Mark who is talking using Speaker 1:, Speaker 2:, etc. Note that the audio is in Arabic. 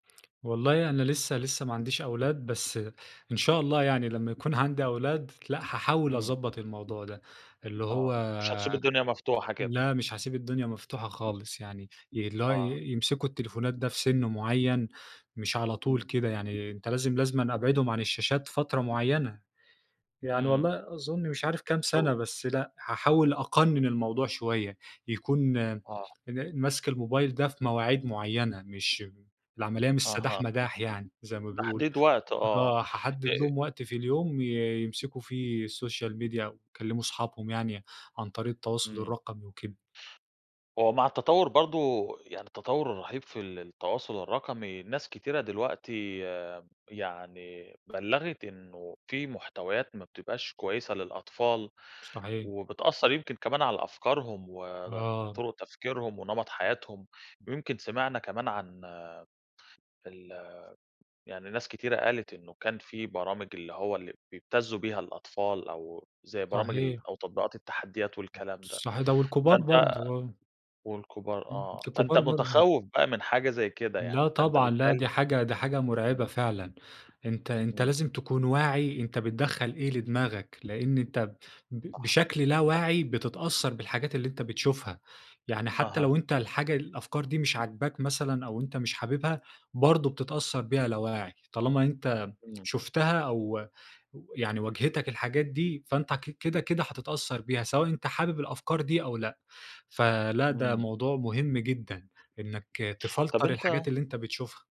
Speaker 1: والله أنا لسه لسه ما عنديش أولاد، بس إن شاء الله يعني لمّا يكون عندي أولاد لأ، حاحاول
Speaker 2: إمم.
Speaker 1: اضبط الموضوع ده، اللي
Speaker 2: آه،
Speaker 1: هو
Speaker 2: مش هتسيب الدنيا مفتوحة كده.
Speaker 1: لأ مش هاسيب الدنيا مفتوحة خالص يعني، اللي هو ي
Speaker 2: آه.
Speaker 1: يمسكوا التليفونات ده في سِن معيّن، مش على طول
Speaker 2: إمم.
Speaker 1: كده يعني، أنت لازم لازمًا أبعدهم عن الشاشات فترة معيّنة، يعني
Speaker 2: إمم.
Speaker 1: والله أظن مش عارف كام سنة
Speaker 2: [unintelligible]
Speaker 1: بس لأ هاحاول أقنن الموضوع شوية، يكون
Speaker 2: آه.
Speaker 1: إن مَسْك الموبايل ده في مواعيد معيّنة مش م العملية مش سداح
Speaker 2: أها.
Speaker 1: مداح يعني زي ما بيقولوا،
Speaker 2: تحديد وقت آه،
Speaker 1: آه هاحدد
Speaker 2: آآ
Speaker 1: لهم وقت في اليوم ي يمسكوا في السوشيال ميديا ويكلّموا اصحابهم يعني عن طريق التواصل
Speaker 2: إمم.
Speaker 1: الرقمي وكده.
Speaker 2: هو مع التطوّر برضه يعني التطوّر الرهيب في ال التواصل الرقمي، ناس كتيرة دلوقتي يعني بلّغت إنه في محتويات ما بتبقاش كويسة للأطفال،
Speaker 1: صحيح.
Speaker 2: وبتأثّر يمكن كمان على أفكارهم ود
Speaker 1: آه.
Speaker 2: طُرق تفكيرهم ونمط حياتهم، ويمكن سمعنا كمان عن ال يعني ناس كتيرة قالت إنه كان في برامج اللي هو اللي بيبتزّوا بيها الأطفال، أو زي برامج ال
Speaker 1: صحيح.
Speaker 2: أو تطبيقات التحديات والكلام ده
Speaker 1: صحي ده والكبار
Speaker 2: ،فأنت
Speaker 1: برضه آه.
Speaker 2: والكبار
Speaker 1: إمم،
Speaker 2: آه، فأنت
Speaker 1: الكبار برضه.
Speaker 2: متخوّف بقى من حاجة زي كده
Speaker 1: لأ
Speaker 2: يعني فأنت
Speaker 1: طبعًا، لأ
Speaker 2: بالتال
Speaker 1: دي حاجة دي حاجة مرعبة
Speaker 2: إمم.
Speaker 1: فعلًا، أنت أنت
Speaker 2: إمم.
Speaker 1: لازم تكون واعي أنت بتدخل إيه لدماغك، لإن أنت ب ب
Speaker 2: صح.
Speaker 1: بشكل لا واعي بتتأثّر بالحاجات اللي أنت بتشوفها، يعني حتى
Speaker 2: أها.
Speaker 1: لو أنت الحاجة الأفكار دي مش عاجباك مثلًا أو أنت مش حاببها، برضه بتتأثّر بيها لا واعي، طالما أنت
Speaker 2: إمم.
Speaker 1: شُفتها أو يعني واجهتك الحاجات دي فأنت ك كده كده هتتأثّر بيها، سواء أنت حابب الأفكار دي أو لأ، فلأ ده
Speaker 2: إمم.
Speaker 1: موضوع مهم جدًا إنّك
Speaker 2: طب
Speaker 1: تفلتر
Speaker 2: أنت
Speaker 1: الحاجات اللي أنت بتشوفها.